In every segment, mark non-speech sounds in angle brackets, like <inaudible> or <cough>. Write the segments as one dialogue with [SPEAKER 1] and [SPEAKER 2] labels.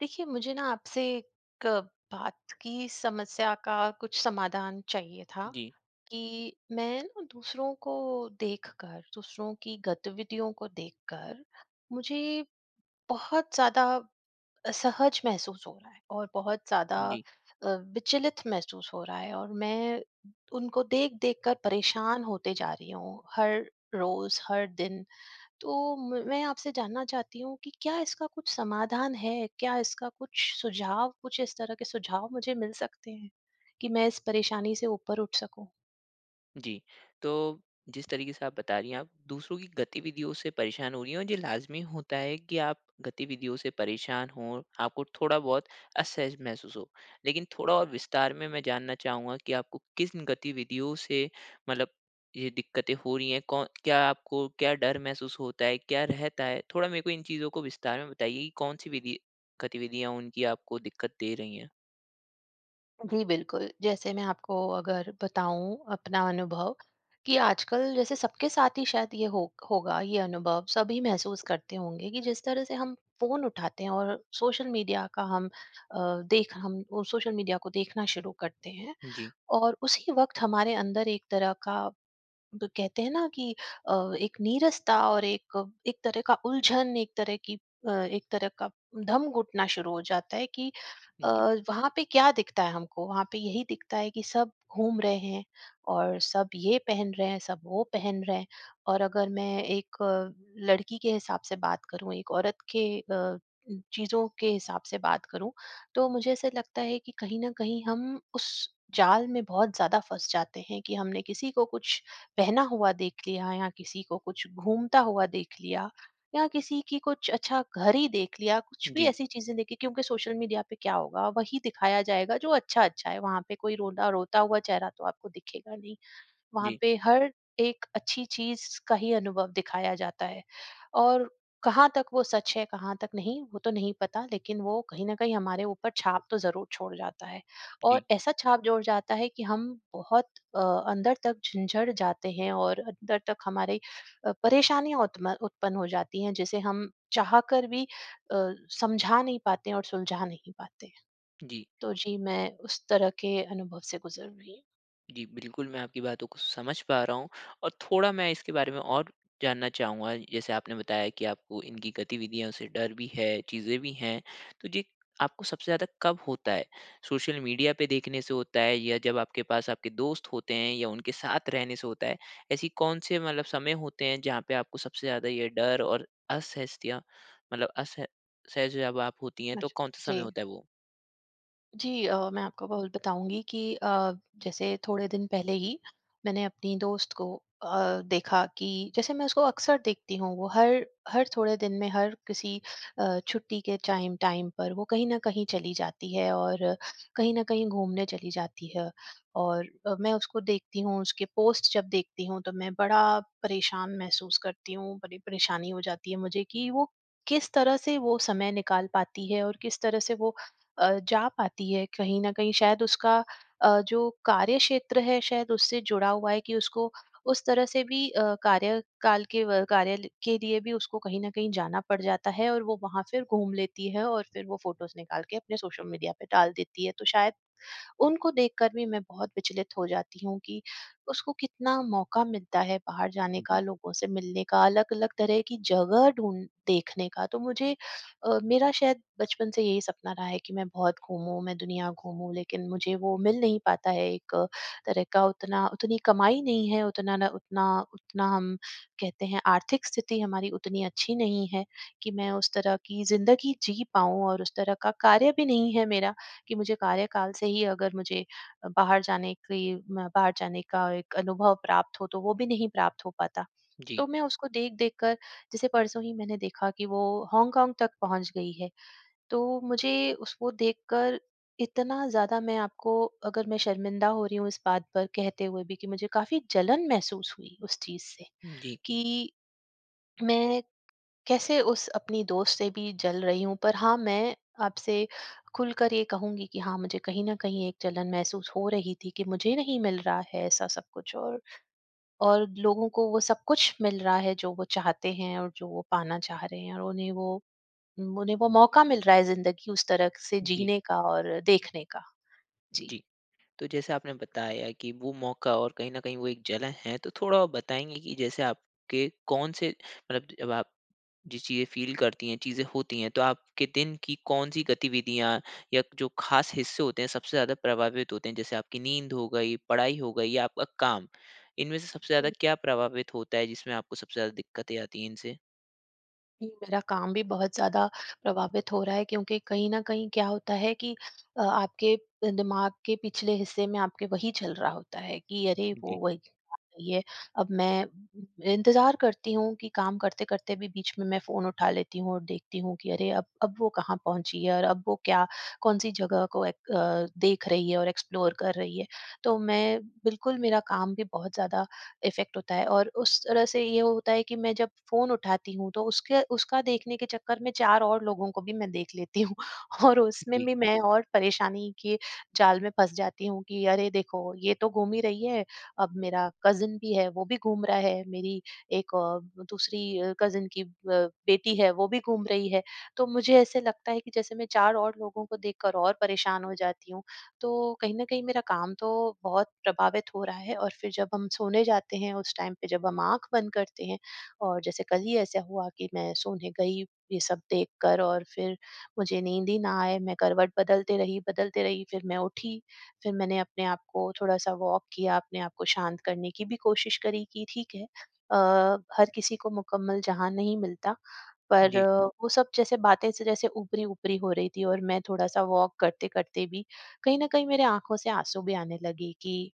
[SPEAKER 1] देखिए मुझे ना आपसे क बात की समस्या का कुछ समाधान चाहिए था,
[SPEAKER 2] जी।
[SPEAKER 1] कि मैं ना दूसरों को देखकर, दूसरों की गतिविधियों को देख कर मुझे बहुत ज़्यादा असहज महसूस हो रहा है और बहुत ज़्यादा
[SPEAKER 2] जी।
[SPEAKER 1] अ, विचलित महसूस हो रहा है। और मैं उनको देख-देख कर परेशान होते जा रही हूँ हर रोज़, हर दिन। तो म मैं आपसे जानना चाहती हूँ कि क्या इसका कुछ समाधान है? क्या इसका कुछ सुझाव कुछ इस तरह के सुझाव मुझे मिल सकते हैं, कि मैं इस परेशानी से ऊपर उठ सकूँ?
[SPEAKER 2] जी। तो, जिस तरीके से आप बता रही हैं, आप दूसरों की गतिविधियों से परेशान हो रही हैं, ये लाज़मी होता है कि आप गतिविधियों से परेशान हों, आपको थोड़ा बहुत असहज महसूस हो। लेकिन थोड़ा और विस्तार में मैं जानना चाहूँगा कि आपको किन गतिविधियों से मतलब ये दिक्कतें हो रही हैं कौन क्या आपको क्या डर महसूस होता है? क्या रहता है? थोड़ा मेरे को इन चीज़ों को विस्तार में बताइए कि कौन सी विधि गतिविधियाँ उनकी आपको दिक्कत दे रही हैं?
[SPEAKER 1] जी बिल्कुल, जैसे मैं आपको अगर बताऊँ अपना अनुभव, कि आजकल जैसे सबके साथ ही शायद ये हो होगा ये अनुभव, सभी महसूस करते होंगे कि जिस तरह से हम फ़ोन उठाते हैं और सोशल मीडिया का हम अ, देख हम ओ सोशल मीडिया को देखना शुरू करते हैं
[SPEAKER 2] जी।
[SPEAKER 1] और उसी वक़्त हमारे अंदर एक तरह का, ब कहते हैं न कि अ, एक नीरसता और एक एक तरह का उलझन, एक तरह की अ, एक तरह का दम घुटना शुरू हो जाता है कि अ,
[SPEAKER 2] जी।
[SPEAKER 1] वहाँ पे क्या दिखता है हमको? वहाँ पे यही दिखता है कि सब घूम रहे हैं और सब ये पहन रहे हैं, सब वो पहन रहे हैं। और अगर मैं एक लड़की के हिसाब से बात करूँ, एक औरत के अ, चीज़ों के हिसाब से बात करूँ तो मुझे ऐसा लगता है कि कहीं न कहीं हम उस जाल में बहुत ज़्यादा फँस जाते हैं, कि हमने किसी को कुछ पहना हुआ देख लिया या किसी को कुछ घूमता हुआ देख लिया, या किसी की कुछ अच्छा घर ही देख लिया, कुछ भी
[SPEAKER 2] जी।
[SPEAKER 1] ऐसी चीज़ें देखी क्योंकि सोशल मीडिया पे क्या होगा, वही दिखाया जाएगा जो अच्छा-अच्छा है। वहाँ पे कोई रोता रोता हुआ चेहरा तो आपको दिखेगा नहीं। वहाँ
[SPEAKER 2] जी।
[SPEAKER 1] पे हर एक अच्छी चीज़ का ही अनुभव दिखाया जाता है। और कहाँ तक वो सच है, कहाँ तक नहीं? वो तो नहीं पता, लेकिन वो कहीं न कहीं हमारे ऊपर छाप तो ज़रूर छोड़ जाता है। और
[SPEAKER 2] जी।
[SPEAKER 1] ऐसा छाप जोड़ जाता है, कि हम बहुत अ, अंदर तक झिंझड़ जाते हैं और अंदर तक हमारी अ, परेशानियाँ उत्म उत्पन्न हो जाती हैं जिसे हम चाह कर भी अ, समझा नहीं पाते हैं और सुलझा नहीं पाते हैं।
[SPEAKER 2] जी।
[SPEAKER 1] तो जी, मैं उस तरह के अनुभव से गुज़र रही हूँ।
[SPEAKER 2] जी, बिल्कुल। मैं आपकी बातों को समझ पा रहा हूँ। और थोड़ा मैं इसके बारे में और जानना चाहूँगा। जैसे आपने बताया की आपको इनकी गतिविधियों से डर भी है, चीज़ें भी हैं। तो जे आपको सबसे ज़्यादा कब होता है? सोशल मीडिया पे देखने से होता है या जब आपके पास आपके दोस्त होते हैं या उनके साथ रहने से होता है? ऐसी कौन से मतलब समय होते हैं जहाँ पे आपको सबसे ज़्यादा ये डर और असहजता मतलब असह सहज जब आप होती है, तो
[SPEAKER 1] अच्छा।
[SPEAKER 2] कौन सा समय
[SPEAKER 1] जी।
[SPEAKER 2] होता है वो?
[SPEAKER 1] जी। अ, मैं आपको ब बताऊँगी की अ, जैसे थोड़े दिन पहले ही मैंने अपनी दोस्त को अ, देखा कि जैसे मैं उसको अक्सर देखती हूँ, वो हर हर थोड़े दिन में हर किसी अ, छुट्टी के चाइम टाइम पर वो कहीं न कहीं चली जाती है और कहीं न कहीं घूमने चली जाती है। और अब मैं उसको देखती हूँ, उसके पोस्ट जब देखती हूँ तो मैं बड़ा परेशान महसूस करती हूँ। बड़ी परेशानी हो जाती है मुझे कि वो किस तरह से वो समय निकाल पाती है और किस तरह से वो अ, जा पाती है। कहीं न कहीं शायद उसका अ, जो कार्यक्षेत्र है शायद उससे जुड़ा हुआ है कि उसको उस तरह से भी अ, कार्य काल के व कार्यालय के लिए भी उसको कहीं न कहीं जाना पड़ जाता है। और वो वहाँ फिर घूम लेती है और फिर वो फ़ोटोस निकाल के अपने सोशल मीडिया पे डाल देती है। तो शायद उनको देखकर भी मैं बहुत विचलित हो जाती हूँ कि उसको कितना मौका मिलता है बाहर जाने
[SPEAKER 2] हुँ,
[SPEAKER 1] का,
[SPEAKER 2] जी।
[SPEAKER 1] लोगों से मिलने का, अलग-अलग तरह की जगह ढूँढ देखने का। तो मुझे अ, मेरा शायद बचपन से यही सपना रहा है कि मैं बहुत घूमूँ, मैं दुनिया घूमूँ। लेकिन मुझे वो मिल नहीं पाता है। एक तरह का उतना उतनी कमाई नहीं है, उतना ना उतना उतना हम कहते हैं आर्थिक स्थिति हमारी उतनी अच्छी नहीं है कि मैं उस तरह की ज़िंदगी जी पाऊँ और उस तरह का कार्य भी नहीं है मेरा कि मुझे कार्यकाल से ही अगर मुझे बाहर जाने की बाहर जाने का एक अनुभव प्राप्त हो तो वो भी नहीं प्राप्त हो पाता।
[SPEAKER 2] जी।
[SPEAKER 1] तो मैं उसको देख-देख कर जैसे परसों ही मैंने देखा कि वो हॉन्गकॉन्ग तक पहुँच गई है। तो मुझे उसको देखकर इतना ज़्यादा मैं आपको अगर मैं शर्मिंदा हो रही हूँ इस बात पर कहते हुए भी कि मुझे काफ़ी जलन महसूस हुई उस चीज़ से।
[SPEAKER 2] हुँ, जी।
[SPEAKER 1] कि मैं कैसे उस अपनी दोस्त से भी जल रही हूँ। पर हाँ, मैं आपसे खुलकर ये कहूँगी कि हाँ, मुझे कहीं न कहीं एक जलन महसूस हो रही थी कि मुझे नहीं मिल रहा है ऐसा सब कुछ और, और लोगों को वो सब कुछ मिल रहा है जो वो चाहते हैं और जो वो पाना चाह रहे हैं और उन्हें वो उम, उन्हें वो मौका मिल रहा है ज़िन्दगी उस तरह से
[SPEAKER 2] जी।
[SPEAKER 1] जीने का और देखने का। जी।
[SPEAKER 2] जी। तो जैसे आपने बताया कि वो मौका और कहीं न कहीं वो एक जलन है। तो थोड़ा आप बताएँगी कि जैसे आपके कौन से मतलब जब आप जिस चीज़ें फ़ील करती है चीज़े होती है, तो आपके दिन की कौन-सी गतिविधियाँ या जो खास हिस्से होते हैं सबसे ज़्यादा प्रभावित होते है? जैसे आपकी नींद हो गई, पढ़ाई हो गयी या आपका काम? इनमें से सबसे ज़्यादा क्या प्रभावित होता है जिसमें आपको सबसे ज़्यादा दिक्कतें आती है इनसे?
[SPEAKER 1] मेरा काम भी बहुत ज़्यादा प्रभावित हो रहा है क्योंकि कहीं न कहीं क्या होता है कि अ, आपके प दिमाग के पिछले हिस्से में आपके वही चल रहा होता है कि अरे! वो
[SPEAKER 2] जी।
[SPEAKER 1] वही <unintelligible> है, अब मैं इंतज़ार करती हूँ कि काम करते-करते भी बीच में मैं फ़ोन उठा लेती हूँ और देखती हूँ कि अरे! अब अब वो कहाँ पहुँची है और अब वो क्या कौन-सी जगह को एक अ, देख रही है और एक्सप्लोर कर रही है? तो मैं बिल्कुल मेरा काम भी बहुत ज़्यादा इफ़ेक्ट होता है और उस तरह से ये होता है कि मैं जब फ़ोन उठाती हूँ, तो उसके उसका देखने के चक्कर में 4 और लोगों को भी मैं देख लेती हूँ और उसमें
[SPEAKER 2] जी।
[SPEAKER 1] भी मैं और परेशानी के जाल में फँस जाती हूँ कि अरे! देखो, ये तो घूम ही रही है, अब मेरा कज़िन भी है, वो भी घूम रहा है। मेरी एक औ दूसरी अ, कज़िन की अ, बेटी है, वो भी घूम रही है। तो मुझे ऐसा लगता है कि जैसे मैं 4 और लोगों को देखकर और परेशान हो जाती हूँ, तो कहीं न कहीं मेरा काम तो बहुत प्रभावित हो रहा है और फिर जब हम सोने जाते हैं उस टाइम पे, जब हम आँख बंद करते हैं और जैसे कल ही ऐसे हुआ कि मैं सोने गई, ये सब देख कर और फिर मुझे नींद ही ना आए। मैं करवट बदलती रही, बदलती रही, फिर मैं उठी, फिर मैंने अपने आप को थोड़ा-सा वॉक किया, अपने आप को शांत करने की भी कोशिश करी कि ठीक है अ, हर किसी को मुकम्मल जहाँ नहीं मिलता। पर
[SPEAKER 2] जी।
[SPEAKER 1] वो सब जैसे बातें से जैसे ऊपरी-ऊपरी हो रही थी और मैं थोड़ा-सा वॉक करते-करते भी, कहीं न कहीं मेरे आँखों से आँसू भी आने लगी कि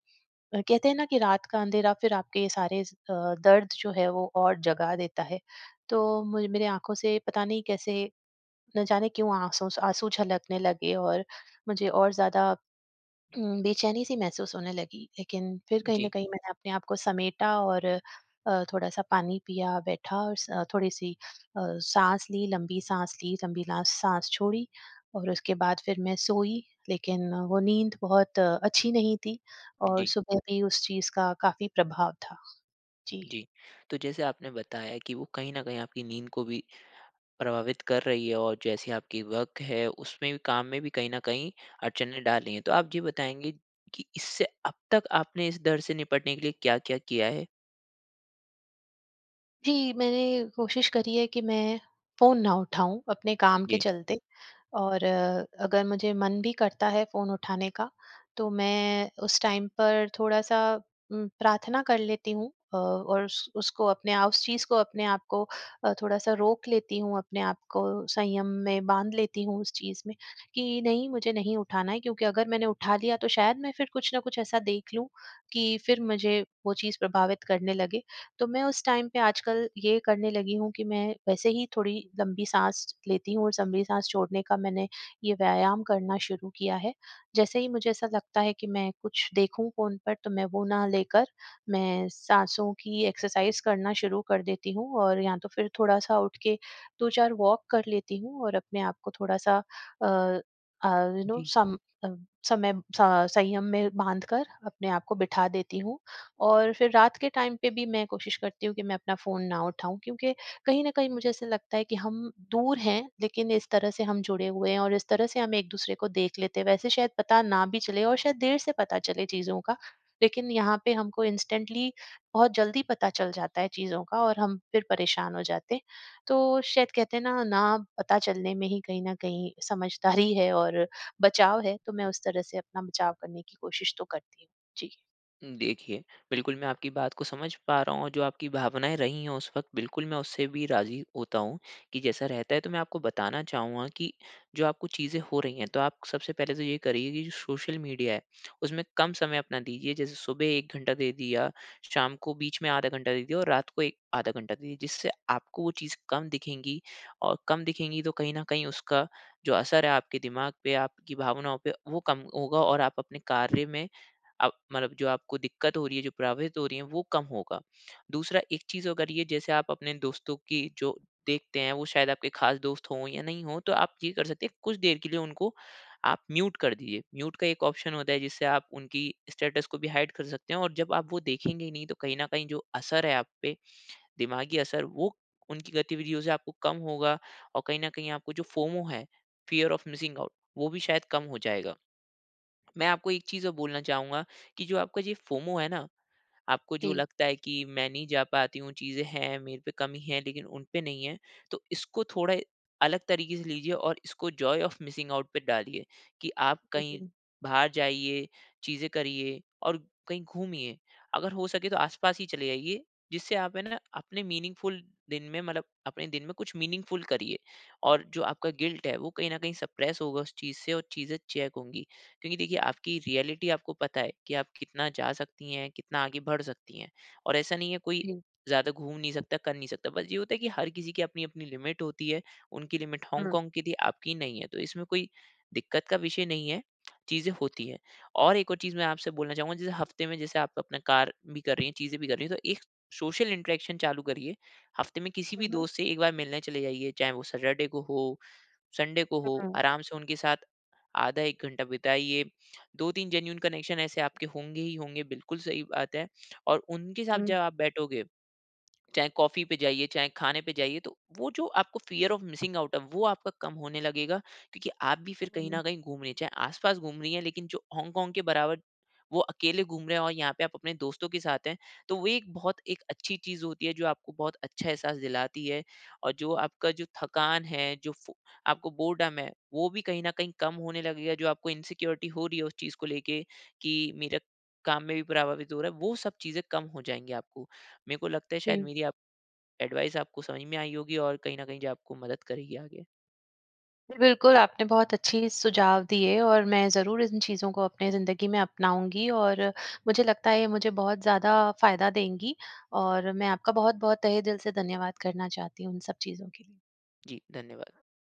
[SPEAKER 1] अ, कहते हैं ना कि रात का अंधेरा फिर आपके सारे स अ, दर्द जो है, वो और जगा देता है। तो मुझे मेरे आँखों से पता नहीं कैसे, ना जाने क्यों, आँसू स आँसू झलकने लगे और मुझे और ज़्यादा उम, बेचैनी-सी महसूस होने लगी। लेकिन फिर कहीं न
[SPEAKER 2] जी।
[SPEAKER 1] कहीं मैंने अपने आप को समेटा और अ, थोड़ा-सा पानी पिया, बैठा और स थोड़ी-सी अ, साँस ली, लंबी साँस ली, लंबी ला साँस छोड़ी और उसके बाद फिर मैं सोई। लेकिन वो नींद बहुत अच्छी नहीं थी और
[SPEAKER 2] जी।
[SPEAKER 1] सुबह भी उस चीज़ का काफ़ी प्रभाव था। जी।
[SPEAKER 2] जी। तो जैसे आपने बताया कि वो कहीं न कहीं आपकी नींद को भी प्रभावित कर रही है और जैसी आपकी वर्क है, उसमें भी काम में भी कहीं न कहीं अड़चनें डाली हैं। तो आप ये बताएँगी कि इससे अब तक आपने इस डर से निपटने के लिए क्या-क्या किया है?
[SPEAKER 1] जी, मैंने कोशिश करी है कि मैं फ़ोन ना उठाऊँ अपने काम के
[SPEAKER 2] जी।
[SPEAKER 1] चलते। और अगर मुझे मन भी करता है फ़ोन उठाने का तो मैं उस टाइम पर थोड़ा-सा उम, प्रार्थना कर लेती हूँ अ, और उस उसको अपने आप उस चीज़ को अपने आप को अ, थोड़ा-सा रोक लेती हूँ अपने आप को, संयम में बांध लेती हूँ उस चीज़ में। कि नहीं मुझे नहीं उठाना है क्योंकि अगर मैंने उठा लिया तो शायद मैं फिर कुछ ना कुछ ऐसा देख लूँ कि फिर मुझे वो चीज़ प्रभावित करने लगे। तो मैं उस टाइम पे आजकल ये करने लगी हूँ कि मैं वैसे ही थोड़ी लम्बी सांस लेती हूँ और लंबी सांस छोड़ने का मैंने ये व्यायाम करना शुरू किया है। जैसे ही मुझे ऐसा लगता है कि मैं कुछ देखूँ फ़ोन पर तो मैं वो ना लेकर मैं सांसों की एक्सरसाइज़ करना शुरू कर देती हूँ और या तो फिर थोड़ा-सा उठ के 2-4 वॉक कर लेती हूँ और अपने आप को थोड़ा-सा अ, अ यू नो
[SPEAKER 2] जी।
[SPEAKER 1] सम अ, समय स संयम में बाँधकर अपने आप को बिठा देती हूँ। और फिर रात के टाइम पे भी मैं कोशिश करती हूँ कि मैं अपना फ़ोन ना उठाऊँ। क्योंकि कहीं न कहीं मुझे ऐसा लगता है कि हम दूर हैं लेकिन इस तरह से हम जुड़े हुए हैं और इस तरह से हम एक दूसरे को देख लेते हैं। वैसे शायद पता ना भी चले और शायद देर से पता चले चीज़ों का। लेकिन यहाँ पे हमको इंस्टेंटली बहुत जल्दी पता चल जाता है चीज़ों का और हम फिर परेशान हो जाते हैं। तो शायद कहते हैं ना, ना पता चलने में ही कहीं न कहीं समझदारी है और बचाव है। तो मैं उस तरह से अपना बचाव करने की कोशिश तो करती हूँ। जी।
[SPEAKER 2] उम, देखिए, बिल्कुल मैं आपकी बात को समझ पा रहा हूँ, और जो आपकी भावनाएँ रही हैं उस वक़्त बिल्कुल, मैं उससे भी राज़ी होता हूँ कि जैसा रहता है। तो मैं आपको बताना चाहूँगा कि जो आपको चीजें हो रही हैं, तो आप सबसे पहले तो ये करिए कि जो सोशल मीडिया है, उसमें कम समय अपना दीजिए। जैसे सुबह 1 घंटा दे दिया, शाम को बीच में आधा घंटा दे दिया और रात को एक आधा घंटा दीजिए जिससे आपको वो चीज़ कम दिखेंगी। और कम दिखेंगी, तो कहीं न कहीं उसका जो असर है आपके दिमाग पे, आपकी भावनाओं पे, वो कम होगा, और आप अपने कार्य में, अब मतलब जो आपको दिक्कत हो रही है, जो प्रभावित हो रही है, वो कम होगा। दूसरा एक चीज़ अगर ये, जैसे आप अपने दोस्तों की जो देखते हैं, वो शायद आपके ख़ास दोस्त हों या नहीं हों, तो आप ये कर सकते हैं, कुछ देर के लिए उनको आप म्यूट कर दीजिए। म्यूट का एक ऑप्शन होता है, जिससे आप उनकी स्टेटस को भी हाइड कर सकते हों, और जब आप वो देखेंगे ही नहीं, तो कहीं न कहीं जो असर है आप पे, दिमागी असर, वो उनकी गतिविधियों से आपको कम होगा। और कहीं न कहीं आपको जो फोमो है, फियर ऑफ़ मिसिंग आउट, वो भी शायद कम हो जाएगा। मैं आपको एक चीज़ और बोलना चाहूँगा कि जो आपका जो ये फोमो है ना, आपको जो
[SPEAKER 1] जी।
[SPEAKER 2] लगता है कि मैं नहीं जा पाती हूँ, चीज़े हैं मेरे पे कमी है, लेकिन उन पे नहीं हैं, तो इसको थोड़ा अलग तरीके से लीजिए और इसको जॉय ओफ मिसिंग आउट पे डालिए, कि आप
[SPEAKER 1] हाँ
[SPEAKER 2] कहीं
[SPEAKER 1] जी।
[SPEAKER 2] बाहर जाइए, चीज़े करिए और कहीं घूमिए। अगर हो सके तो आसपास ही चले जाइए, जिससे आप है ना अपने मीनिंगफ़ुल दिन में मतलब अपने दिन में कुछ मीनिंगफ़ुल करिए। और जो आपका गिल्ट है, वो कहीं न कहीं सप्रेस होगा उस चीज़ से और चीज़े चेक होंगी। क्योंकि देखिए, आपकी रियलिटी आपको पता है कि आप कितना जा सकती हैं, कितना आगे बढ़ सकती हैं। और ऐसा नहीं है, कोई
[SPEAKER 1] जी।
[SPEAKER 2] ज़्यादा घूम नहीं सकता, कर नहीं सकता, बस ये होता है कि हर किसी की अपनी-अपनी लिमिट होती है। उनकी लिमिट
[SPEAKER 1] हाँ।
[SPEAKER 2] हॉन्गकॉन्ग की थी, आपकी नहीं है, तो इसमें कोई दिक्कत का विषय नहीं है, चीज़ें होती हैं। और एक और चीज़ मैं आपसे बोलना चाहूँगा, जैसे हफ़्ते में जैसे आप अपना कार्य भी कर रही हैं, चीज़े भी कर रही हैं, तो एक सोशल इंटरेक्शन चालू करिए। हफ़्ते में किसी
[SPEAKER 1] हुँ,
[SPEAKER 2] भी
[SPEAKER 1] हुँ।
[SPEAKER 2] दोस्त से 1 बार मिलने चले जाइए, चाहे वो सैटरडे को हो, संडे को हो,
[SPEAKER 1] हुँ।
[SPEAKER 2] आराम से उनके साथ आधा 1 घंटा बिताइए। 2-3 जेनुइन कनेक्शन ऐसे आपके होंगे ही होंगे, बिल्कुल सही बात है। और उनके साथ जब
[SPEAKER 1] हुँ।
[SPEAKER 2] आप बैठोगे, चाहे कॉफ़ी पे जाइए, चाहे खाने पे जाइए, तो वो जो आपको फ़ियर ऑफ़ मिसिंग आउट है, वो आपका कम होने लगेगा क्योंकि आप भी फिर
[SPEAKER 1] हाँ,
[SPEAKER 2] कहीं
[SPEAKER 1] ज़रूर।
[SPEAKER 2] न कहीं घूम रही हैं। चाहे आसपास घूम रही हैं, लेकिन जो हॉन्गकॉन्ग के बराबर वो अकेले घूम रहे हैं और यहाँ पे आप अपने दोस्तों के साथ हैं, तो वो एक बहुत एक अच्छी चीज़ होती है, जो आपको बहुत अच्छा एहसास दिलाती है। और जो आपका जो थकान है, जो फ़ो आपको बोरडम है, वो भी कहीं न कहीं कम होने लगेगा। जो आपको इनसिक्योरिटी हो रही है उस चीज़ को लेके कि मेरे काम में भी प्रभावित हो रहा है, वो सब चीज़ें कम हो जाएँगी आपको। मेरे को लगता है, शायद
[SPEAKER 1] हुँ।
[SPEAKER 2] मेरी आप एडवाइज़ आपको समझ में आई होगी, और कहीं न कहीं जो आपको मदद करेगी आगे।
[SPEAKER 1] जी। बिल्कुल, आपने बहुत अच्छी सुझाव दिए, और मैं ज़रूर इन चीज़ों को अपने ज़िन्दगी में अपनाऊँगी, और मुझे लगता है ये मुझे बहुत ज़्यादा फ़ायदा देंगी। और मैं आपका बहुत-बहुत तहे दिल से धन्यवाद करना चाहती हूँ, इन सब चीज़ों के लिए।
[SPEAKER 2] जी, धन्यवाद।